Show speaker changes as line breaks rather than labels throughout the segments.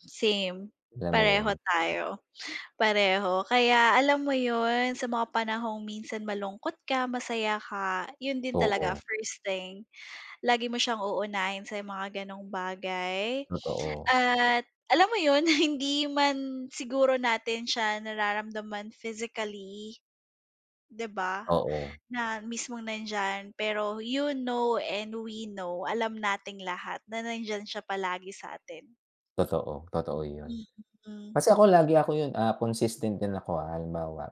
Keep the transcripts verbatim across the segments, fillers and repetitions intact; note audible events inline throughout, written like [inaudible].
Same.
Alam mo
Pareho
yun?
tayo, pareho. Kaya alam mo ’yon, sa mga panahong minsan malungkot ka, masaya ka, 'yon din talaga
Oo.
first thing. Lagi mo siyang uunahin sa mga gano'ng bagay
Totoo.
at alam mo ’yon, [chuckles] hindi man siguro natin siya nararamdaman physically, di ba?
Oo.
Na mismong nandiyan, pero you know and we know, alam nating lahat na nandiyan siya palagi sa atin.
Totoo. Totoo ’yon.
Mm.
Kasi ako lagi ako ’yon, ah, consistent din ako, ah, halimbawa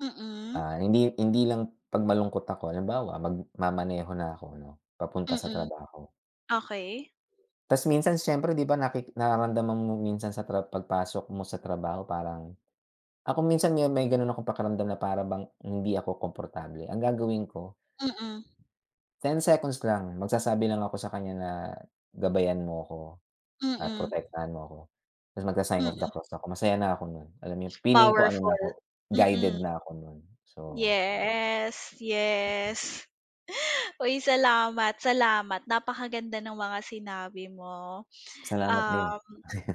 Mm.
ah, hindi hindi lang 'pag malungkot ako. Halimbawa, magmamaneho na ako 'no, papunta sa
Mm.
trabaho.
Okey.
Ta's minsan siyempre, di ba, naki nararamdaman mo minsan sa tra pagpasok mo sa trabaho parang ako minsan me may gano'n akong pakiramdam na para bang hindi ako komportable. Ang gagawin ko
Mm.
ten seconds lang, magsasabi lang ako sa kanya na gabayan mo ako at
Mm.
protektahan mo ako. Tapos magsa-sign
Mm.
of the cross ako, masaya na ako no'n. Alam yung feeling ko ano
Powerful,
na ako, guided
mm.
na ako no'n. So
Yes,
'di ba.
yes. Uy, salamat, salamat, napakaganda ng mga sinabi mo.
Salamat din.
Um,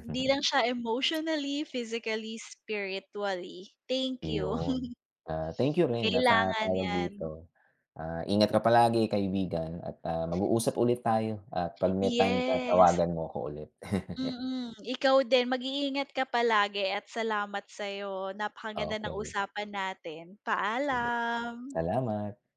hindi lang siya emotionally, physically, spiritually. Thank you.
Iyon.
[chuckles]
Ah, thank you rin at, ah,
Kailangan
tawag
'yan.
dito? Ah, ingat ka palagi kaibigan at, ah, mag-uusap ulit tayo. At 'pag may time ka
Yes.
tawagan mo ako ulit. [chuckles]
Mm. Ikaw din, mag-iingat ka palagi at salamat sa'yo. Napakaganda ng
Okey.
usapan natin.
Sige lang.
Paalam.
Salamat